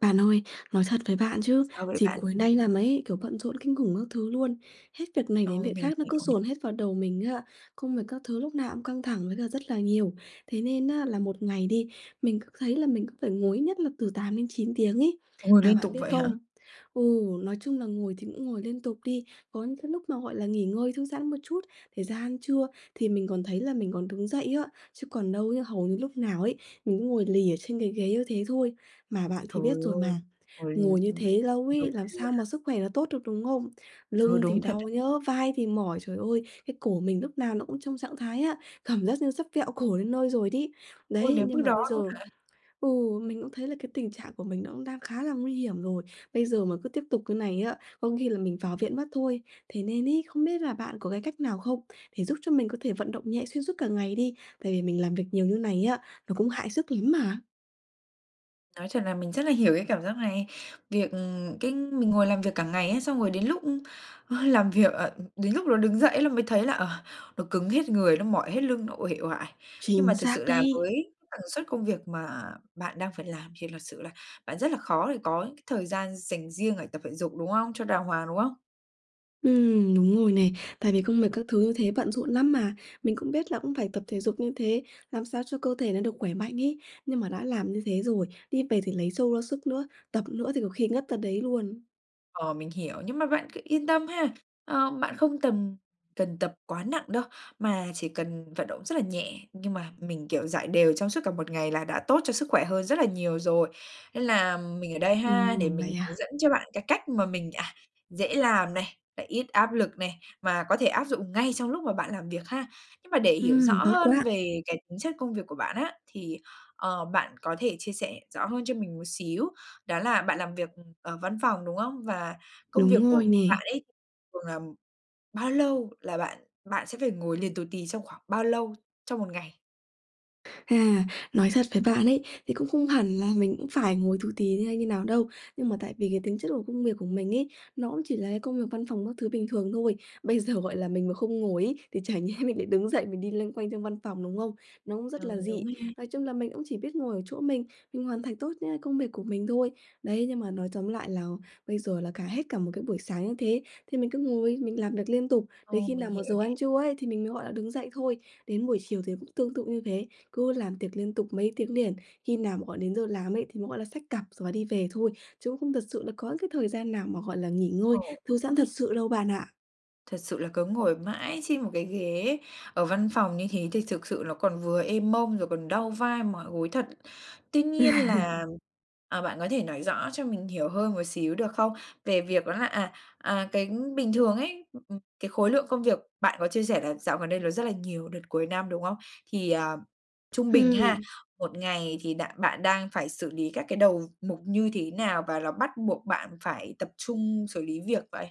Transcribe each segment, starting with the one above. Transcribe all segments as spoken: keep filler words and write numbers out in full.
Bạn ơi, nói thật với bạn chứ, Sao vậy dịp bạn? cuối nay là mấy kiểu, bận rộn kinh khủng các thứ luôn, hết việc này Ừ, đến việc mình khác nó cứ hiểu này. dồn hết vào đầu mình ấy ạ, công việc các thứ lúc nào cũng căng thẳng với là rất là nhiều. Thế nên á là một ngày đi, mình cứ thấy là mình cứ phải ngồi ít nhất là từ tám đến chín tiếng ấy, Ngồi và liên tục bạn biết vậy hả? không? Ừ, nói chung là ngồi thì cũng ngồi liên tục đi, có những cái lúc mà, gọi là, nghỉ ngơi thư giãn một chút thì ra ăn trưa, thì mình còn thấy là mình còn đứng dậy á, chứ còn đâu ấy hầu như lúc nào ấy, mình cứ ngồi lì ở trên cái ghế như thế thôi, mà bạn thì Trời biết rồi ơi! mà, Ngồi nh ngồi như ưm, thế lâu ngồi ấy làm sao mà [unintelligible] sức khỏe nó tốt được, đúng không? Ừ, Lưng thì đúng thật đấy. đau nhá, vai thì mỏi, trời ơi, cái cổ mình lúc nào nó cũng trong trạng thái á cảm giác như sắp vẹo cổ đến nơi rồi đấy. Ôi, Đấy, đến mức nhưng mà đó bây luôn giờ hả? ừ, mình cũng thấy là cái tình trạng của mình nó cũng đang khá là nguy hiểm rồi. Bây giờ mà cứ tiếp tục cái này á, có khi là mình vào viện mất thôi. Thế nên ấy, không biết là bạn có cái cách nào không để giúp cho mình có thể vận động nhẹ xuyên suốt cả ngày đi? Tại vì mình làm việc nhiều như này nhé, nó cũng hại sức lắm mà. Nói thật là mình rất là hiểu cái cảm giác này. Việc, ừm, cái mình ngồi làm việc cả ngày ấy xong rồi đến lúc, ưm, ơ, làm việc, ờ, đến lúc nó đứng dậy là mới thấy là, ờ, nó cứng hết người, nó mỏi hết lưng, nó uể oải. Nhưng mà Chính thực xác sự là đấy! với tần suất công việc mà bạn đang phải làm thì thật sự là bạn rất là khó để có những cái thời gian dành riêng để tập thể dục, đúng không? Cho đàng hoàng, đúng không? Ừm, đúng rồi này, tại vì công việc các thứ như thế bận rộn lắm mà. Mình cũng biết là cũng phải tập thể dục như thế, làm sao cho cơ thể nó được khỏe mạnh ấy, nhưng mà đã làm như thế rồi, đi về thì lấy trâu ra sức nữa, tập nữa thì có khi ngất ra đấy luôn. Ờ, mình hiểu, nhưng mà bạn cứ yên tâm ha, ờ, bạn không tầm cần tập quá nặng đâu mà chỉ cần vận động rất là nhẹ, nhưng mà mình, kiểu, rải đều trong suốt cả một ngày là đã tốt cho sức khỏe hơn rất là nhiều rồi. Nên là, ừm, mình ở đây ha, để Ừm, mình vậy hướng à? dẫn cho bạn cái cách mà mình, à, dễ làm này, lại ít áp lực này, mà có thể áp dụng ngay trong lúc mà bạn làm việc ha. Nhưng mà để hiểu Ừm, rõ tốt hơn quá! về cái tính chất công việc của bạn á, thì, ờ, bạn có thể chia sẻ rõ hơn cho mình một xíu đó là bạn làm việc, ừm, ở văn phòng, đúng không? Và công Đúng việc của rồi nè. bạn ấy thường là, ừm, bao lâu là bạn bạn sẽ phải ngồi liền tù tì trong khoảng bao lâu, trong một ngày? À, nói thật với bạn ấy, thì cũng không hẳn là mình cũng phải ngồi tù tì hay như nào đâu, nhưng mà tại vì cái tính chất của công việc của mình ấy nó cũng chỉ là cái công việc văn phòng các thứ bình thường thôi. Bây giờ, gọi là, mình mà không ngồi ấy thì chả nhẽ mình lại đứng dậy mình đi loanh quanh trong văn phòng, đúng không? Nó cũng rất Ờ, là đúng dị. ha. Nói chung là mình cũng chỉ biết ngồi ở chỗ mình, mình hoàn thành tốt nhá công việc của mình thôi. Đấy, nhưng mà nói tóm lại là bây giờ là cả hết cả một cái buổi sáng như thế, thì mình cứ ngồi mình làm việc liên tục, đến Ồ, khi mình nào mà hiểu giờ nè. ăn trưa ấy thì mình mới, gọi là, đứng dậy thôi. Đến buổi chiều thì cũng tương tự như thế, cứ làm tiệc liên tục mấy tiếng liền, khi nào mà gọi đến giờ làm ấy thì mới, gọi là, xách cặp rồi và đi về thôi, chứ không thật sự là có những cái thời gian nào mà, gọi là, nghỉ ngơi, Ồ, thư giãn đúng thật ha. sự đâu bạn ạ. Thật sự là cứ ngồi mãi trên một cái ghế ở văn phòng như thế thì thực sự nó còn vừa ê mông, rồi còn đau vai mỏi gối thật. Tuy nhiên là, ờ, bạn có thể nói rõ cho mình hiểu hơn một xíu được không? Về việc đó là, à, à, cái bình thường ấy, ưm, ừm, cái khối lượng công việc bạn có chia sẻ là dạo gần đây nó rất là nhiều, đợt cuối năm, đúng không? Thì, ờ, trung bình ha, Ừm. một ngày thì đạn bạn đang phải xử lý các cái đầu mục như thế nào và là bắt buộc bạn phải tập trung xử lý việc vậy?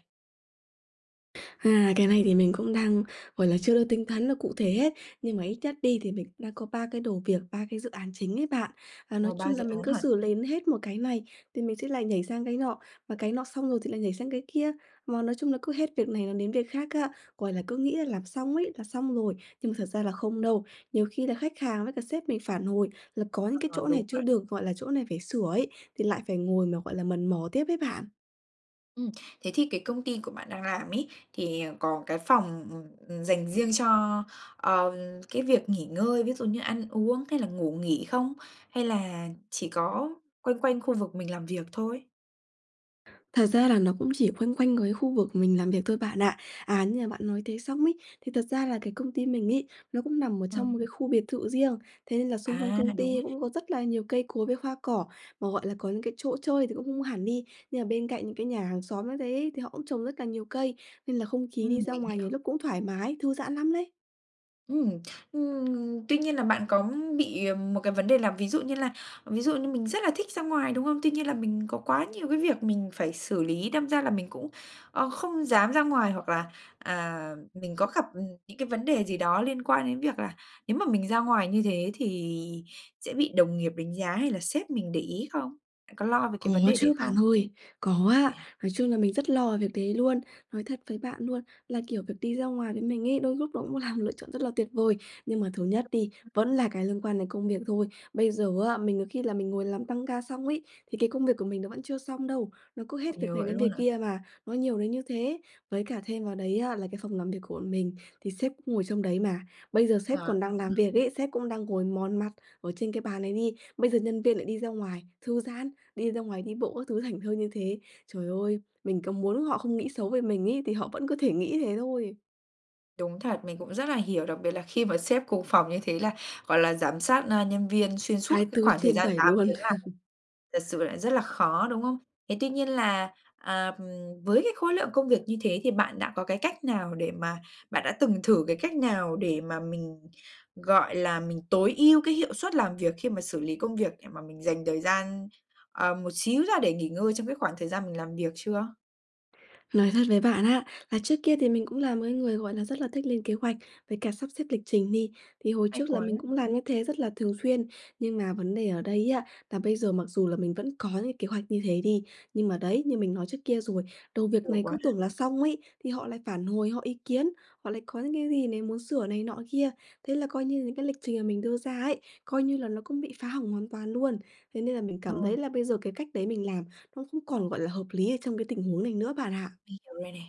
À, cái này thì mình cũng đang, gọi là, chưa được tính toán là cụ thể hết, nhưng mà ít nhất đi thì mình cũng đã có ba cái đầu việc, ba cái dự án chính ấy bạn. Và Ồ, nói ba chung dự là mình án cứ hả? xử lến hết một cái này thì mình sẽ lại nhảy sang cái nọ, và cái nọ xong rồi thì lại nhảy sang cái kia, mà nói chung là cứ hết việc này là đến việc khác á, gọi là, cứ nghĩ là làm xong ấy là xong rồi, nhưng mà thật ra là không đâu. Nhiều khi là khách hàng với cả sếp mình phản hồi là có những cái Ờ, chỗ đúng này chưa vậy. được, gọi là, chỗ này phải sửa ấy, thì lại phải ngồi mà, gọi là, mần mò tiếp ấy bạn. Ừm, thế thì cái công ty của bạn đang làm ấy, thì, ờ, có cái phòng, ừm, ừm, dành riêng cho, ờ, cái việc nghỉ ngơi, ví dụ như ăn uống hay là ngủ nghỉ không? Hay là chỉ có quanh quanh khu vực mình làm việc thôi? Thật ra là nó cũng chỉ quanh quanh cái khu vực mình làm việc thôi bạn ạ. À, như mà bạn nói thế xong ấy, thì thật ra là cái công ty mình ấy, nó cũng nằm ở trong Ừm. một cái khu biệt thự riêng, thế nên là xung quanh À, công đúng ty ấy. cũng có rất là nhiều cây cối với hoa cỏ. Mà, gọi là, có những cái chỗ chơi thì cũng không hẳn đi, nhưng mà bên cạnh những cái nhà hàng xóm như thế thì họ cũng trồng rất là nhiều cây, nên là không khí đi Ừm, ra mình ngoài hiểu. nhiều lúc cũng thoải mái, thư giãn lắm lấy. Ừm, ừm, tuy nhiên là bạn có bị, ờ, một cái vấn đề là ví dụ như là ví dụ như mình rất là thích ra ngoài, đúng không? Tuy nhiên là mình có quá nhiều cái việc mình phải xử lý, đâm ra là mình cũng, ơ, không dám ra ngoài. Hoặc là, à, mình có gặp, ừm, những cái vấn đề gì đó liên quan đến việc là nếu mà mình ra ngoài như thế, thì sẽ bị đồng nghiệp đánh giá hay là sếp mình để ý không? Có lo về cái Có vấn đề đấy chứ bạn không? ơi, có ạ, [unintelligible] nói chung là mình rất lo về việc đấy luôn. Nói thật với bạn luôn là, kiểu, việc đi ra ngoài với mình ấy, đôi lúc nó cũng là một lựa chọn rất là tuyệt vời. Nhưng mà thứ nhất đi, vẫn là cái liên quan đến công việc thôi. Bây giờ á, mình có khi là mình ngồi làm tăng ca xong ấy, thì cái công việc của mình nó vẫn chưa xong đâu, nó cứ hết việc Nhiều này vậy đến luôn việc hả? kia mà, nó nhiều đến như thế. Với cả thêm vào đấy á, là cái phòng làm việc của bọn mình thì sếp cũng ngồi trong đấy mà, bây giờ sếp À còn đang làm [unintelligible] việc ấy, sếp cũng đang ngồi mòn mặt ở trên cái bàn ấy đi, bây giờ nhân viên lại đi ra ngoài thư giãn, đi ra ngoài đi bộ các thứ thảnh thơi như thế. Trời ơi! Mình có muốn họ không nghĩ xấu về mình ấy thì họ vẫn có thể nghĩ thế thôi. Đúng thật, mình cũng rất là hiểu, đặc biệt là khi mà sếp cùng phòng như thế là, gọi là, giám sát, ơ, nhân viên xuyên suốt hai cái tư khoảng thời trên gian bảy tám luôn. tiếng làm thật sự là rất là khó, đúng không? Thế tuy nhiên là, à, với cái khối lượng công việc như thế thì bạn đã có cái cách nào để mà bạn đã từng thử cái cách nào để mà mình, gọi là, mình tối ưu cái hiệu suất làm việc, khi mà xử lý công việc để mà mình dành thời gian, ờ, một xíu ra để nghỉ ngơi trong cái khoảng thời gian mình làm việc chưa? Nói thật với bạn á, là trước kia thì mình cũng là một cái người, gọi là, rất là thích lên kế hoạch với cả sắp xếp lịch trình đi, thì hồi Hay trước là quá. mình cũng làm như thế rất là thường xuyên. Nhưng mà vấn đề ở đây á, là bây giờ mặc dù là mình vẫn có những kế hoạch như thế đi, nhưng mà đấy, như mình nói trước kia rồi, đầu việc Nhiều này quá cứ ha. tưởng là xong ấy, thì họ lại phản hồi, họ ý kiến, họ lại có những cái gì này, muốn sửa này nọ kia. Thế là coi như là những cái lịch trình mà mình đưa ra ấy, coi như là nó cũng bị phá hỏng hoàn toàn luôn. Thế nên là mình cảm Rồi. thấy là bây giờ cái cách đấy mình làm, nó không còn, gọi là, hợp lý ở trong cái tình huống này nữa bạn ạ. Hiểu rồi nè.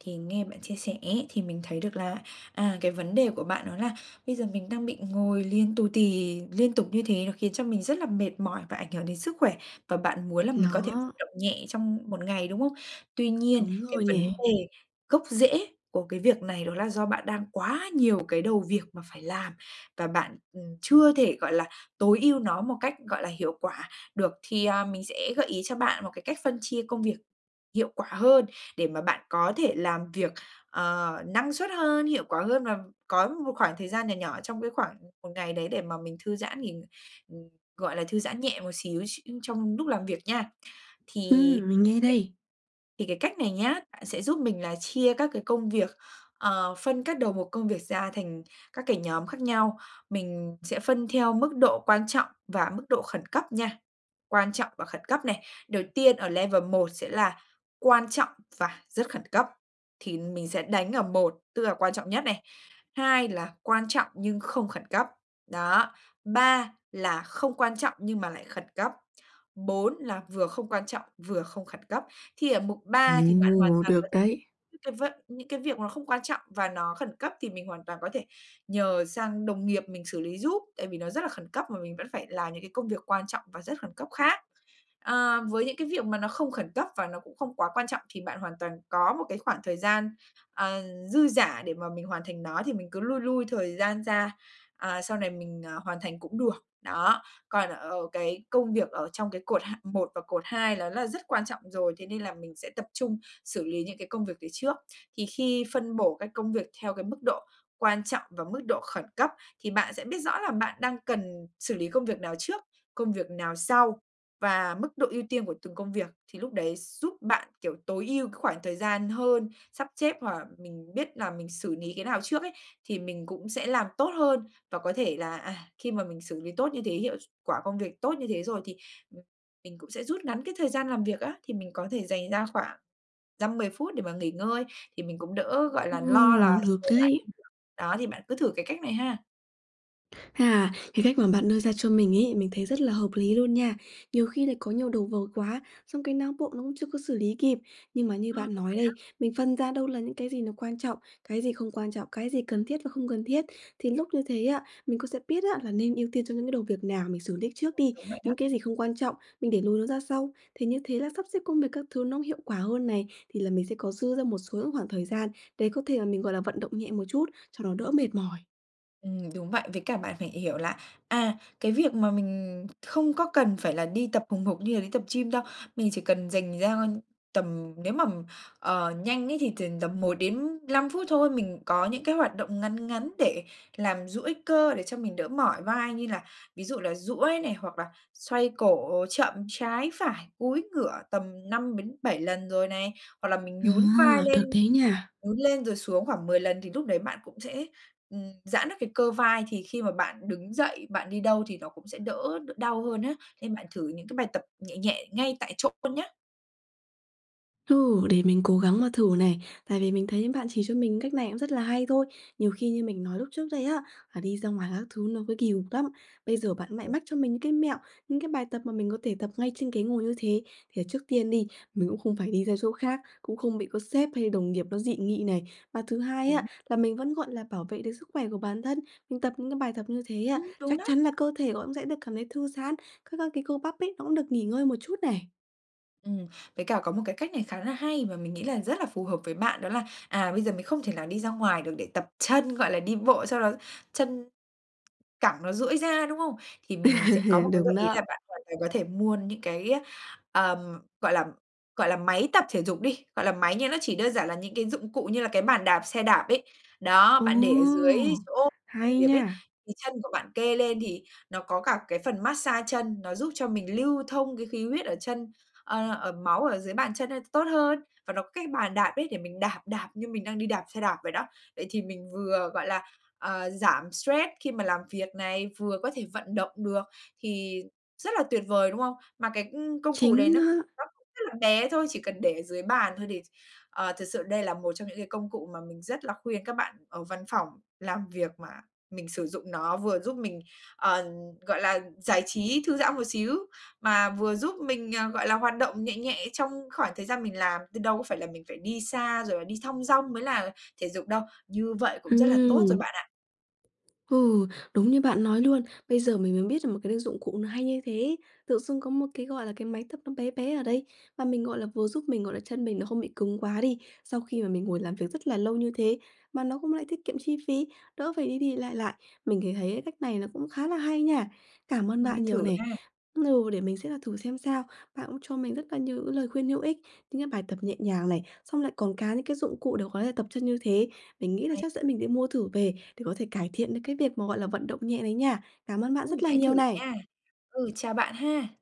Thì nghe bạn chia sẻ ấy, thì mình thấy được là, à, cái vấn đề của bạn đó là bây giờ mình đang bị ngồi liền tù tì liên tục như thế, nó khiến cho mình rất là mệt mỏi và ảnh hưởng đến sức khỏe, và bạn muốn là mình có thể vận Nó động nhẹ trong một ngày, đúng không? Tuy nhiên Đúng cái rồi vấn nè. đề gốc rễ của cái việc này đó là do bạn đang quá nhiều cái đầu việc mà phải làm, và bạn, ừm, chưa thể, gọi là, tối ưu nó một cách, gọi là, hiệu quả được. Thì, à, mình sẽ gợi ý cho bạn một cái cách phân chia công việc hiệu quả hơn, để mà bạn có thể làm việc, ờ, năng suất hơn, hiệu quả hơn, và có một khoảng thời gian nhỏ nhỏ trong cái khoảng một ngày đấy để mà mình thư giãn nghỉ ừm, gọi là, thư giãn nhẹ một xíu x trong lúc làm việc nha. Thì Ừm, mình nghe cái đây. thì cái cách này nhá, bạn sẽ giúp mình là chia các cái công việc, ờ, phân các đầu mục công việc ra thành các cái nhóm khác nhau, mình sẽ phân theo mức độ quan trọng và mức độ khẩn cấp nha, quan trọng và khẩn cấp này. Đầu tiên ở level một sẽ là quan trọng và rất khẩn cấp, thì mình sẽ đánh ở một, tức là quan trọng nhất này, hai là quan trọng nhưng không khẩn cấp, đó, ba là không quan trọng nhưng mà lại khẩn cấp, bốn là vừa không quan trọng, vừa không khẩn cấp. Thì ở mục ba thì Ừm, bạn hoàn ồ! toàn có Được thể đấy. những cái vận những cái việc nó không quan trọng và nó khẩn cấp, thì mình hoàn toàn có thể nhờ sang đồng nghiệp mình xử lý giúp, tại vì nó rất là khẩn cấp, mà mình vẫn phải làm những cái công việc quan trọng và rất khẩn cấp khác. Ờ, với những cái việc mà nó không khẩn cấp, và nó cũng không quá quan trọng thì bạn hoàn toàn có một cái khoảng thời gian, ờ, dư dả để mà mình hoàn thành nó thì mình cứ lui lui thời gian ra, à, sau này mình, ờ, hoàn thành cũng được. Đó, còn ở cái công việc ở trong cái cột hạng một và cột hai đó là rất quan trọng rồi, thế nên là mình sẽ tập trung xử lý những cái công việc đấy trước. Thì khi phân bổ cái công việc theo cái mức độ quan trọng và mức độ khẩn cấp, thì bạn sẽ biết rõ là bạn đang cần xử lý công việc nào trước, công việc nào sau và mức độ ưu tiên của từng công việc. Thì lúc đấy giúp bạn, kiểu, tối ưu cái khoảng thời gian hơn, sắp chếp, hoặc là mình biết là mình xử lý cái nào trước ấy, thì mình cũng sẽ làm tốt hơn, và có thể là, à, khi mà mình xử lý tốt như thế, hiệu s quả công việc tốt như thế rồi, thì, ừm, mình cũng sẽ rút ngắn cái thời gian làm việc á. Thì mình có thể dành ra khoảng dăm mười phút để mà nghỉ ngơi, thì mình cũng đỡ, gọi là, lo là Ừ, được dồn lại công đấy. việc, đó, thì bạn cứ thử cái cách này ha. À, cái cách mà bạn đưa ra cho mình ấy, mình thấy rất là hợp lý luôn nha, nhiều khi lại có nhiều đầu vợt quá, xong cái não bộ nó cũng chưa có xử lý kịp. Nhưng mà như Ờ, bạn đúng nói vậy đó. đây, mình phân ra đâu là những cái gì nó quan trọng, cái gì không quan trọng, cái gì cần thiết và không cần thiết, thì lúc như thế á, mình cũng sẽ biết á là nên ưu tiên cho những cái đầu việc nào mình xử lý trước đi, Đúng vậy đó. những cái gì không quan trọng, mình để lùi nó ra sau. Thì như thế là sắp xếp công việc các thứ nó cũng hiệu quả hơn này, thì là mình sẽ có dư ra một số những khoảng thời gian để có thể mà mình, gọi là, vận động nhẹ một chút cho nó đỡ mệt mỏi. Ừm, đúng vậy, với cả bạn phải hiểu là, à, cái việc mà mình không có cần phải là đi tập hùng hục như là đi tập gym đâu. Mình chỉ cần dành ra tầm nếu mà, ờ, nhanh ấy thì t tầm một đến năm phút thôi, mình có những cái hoạt động ngắn ngắn để làm duỗi cơ để cho mình đỡ mỏi vai như là ví dụ là duỗi này, hoặc là xoay cổ chậm trái phải, cúi ngửa tầm năm đến bảy lần rồi này. Hoặc là mình À, nhún vai lên được đấy nha. nhún lên rồi xuống khoảng mười lần thì lúc đấy bạn cũng sẽ, ừm, giãn được cái cơ vai, thì khi mà bạn đứng dậy, bạn đi đâu thì nó cũng sẽ đỡ đ đau hơn á. Nên bạn thử những cái bài tập nhẹ nhẹ ngay tại chỗ luôn nhá. Ừ, để mình cố gắng mà thử này, tại vì mình thấy bạn chỉ cho mình cách này cũng rất là hay thôi, nhiều khi như mình nói lúc trước đây á, là đi ra ngoài các thứ nó cứ kỳ cục lắm. Bây giờ bạn lại mách cho mình những cái mẹo, những cái bài tập mà mình có thể tập ngay trên ghế ngồi như thế, thì trước tiên đi, mình cũng không phải đi ra chỗ khác, cũng không bị có sếp hay đồng nghiệp nó dị nghị này. Và thứ hai Đúng. á, là mình vẫn, gọi là, bảo vệ được sức khỏe của bản thân, mình tập những cái bài tập như thế á, Ừm, đúng chắc đó. chắn là cơ thể có cũng sẽ được cảm thấy thư giãn, các các cái cơ bắp ấy, nó cũng được nghỉ ngơi một chút này. Ừm, với cả có một cái cách này khá là hay và mình nghĩ là rất là phù hợp với bạn, đó là, à, bây giờ mình không thể nào đi ra ngoài được để tập chân, gọi là, đi bộ cho nó chân cẳng nó duỗi ra, đúng không? Thì mình sẽ có một cái gợi Đúng ý là đó. bạn hoàn toàn có thể mua những cái, ờm, gọi là gọi là, máy tập thể dục đi, gọi là máy nhưng nó chỉ đơn giản là những cái dụng cụ như là cái bàn đạp xe đạp ấy. Đó, Ồ! bạn để ở dưới chỗ làm Hay việc ấy, nha. thì chân của bạn kê lên thì nó có cả cái phần mát xa chân, nó giúp cho mình lưu thông cái khí huyết ở chân, ờ, ở máu ở dưới bàn chân, ơ, tốt hơn và nó có cái bàn đạp ấy, để mình đạp, đạp như mình đang đi đạp xe đạp vậy đó. Vậy thì mình vừa, gọi là, ờ, giảm stress khi mà làm việc này, vừa có thể vận động được thì rất là tuyệt vời, đúng không? Mà cái công công cụ đấy Chính nó nó. nó rất là bé thôi, chỉ cần để ở dưới bàn thôi thì ch ờ, thật sự đây là một trong những cái công cụ mà mình rất là khuyên các bạn ở văn phòng làm việc mà mình sử dụng nó, vừa giúp mình, ờ, gọi là, giải trí, thư giãn một xíu, mà vừa giúp mình, ờ, gọi là, hoạt động nhẹ nhẹ trong khoảng thời gian mình làm. Chứ đâu có phải là mình phải đi xa rồi là đi thong dong mới là thể dục đâu, như vậy cũng rất là tốt rồi Ừm. bạn ạ. Ừ, đúng như bạn nói luôn, bây giờ mình mới biết là một cái đ dụng cụ nó hay như thế. Tự dưng có một cái, gọi là, cái máy tập nó bé bé ở đấy, và mình, gọi là, vừa giúp mình, gọi là chân mình nó không bị cứng quá đi, sau khi mà mình ngồi làm việc rất là lâu như thế, mà nó cũng lại tiết kiệm chi phí, đỡ phải đi đi lại lại. Mình thì thấy cái cách này nó cũng khá là hay nha, cảm ơn bạn Nên nhiều thử nè ha. ừ để mình sẽ là thử xem sao. Bạn cũng cho mình rất là nhiều những lời khuyên hữu ích, những cái bài tập nhẹ nhàng này, xong lại còn cả những cái dụng cụ để có thể tập chân như thế. Mình nghĩ là Hay chắc dẫn mình đi mua thử về, để có thể cải thiện được cái việc mà, gọi là, vận động nhẹ đấy nha, cảm ơn bạn Ừm, rất là hãy thử nhiều này. nha. Ừ, chào bạn ha.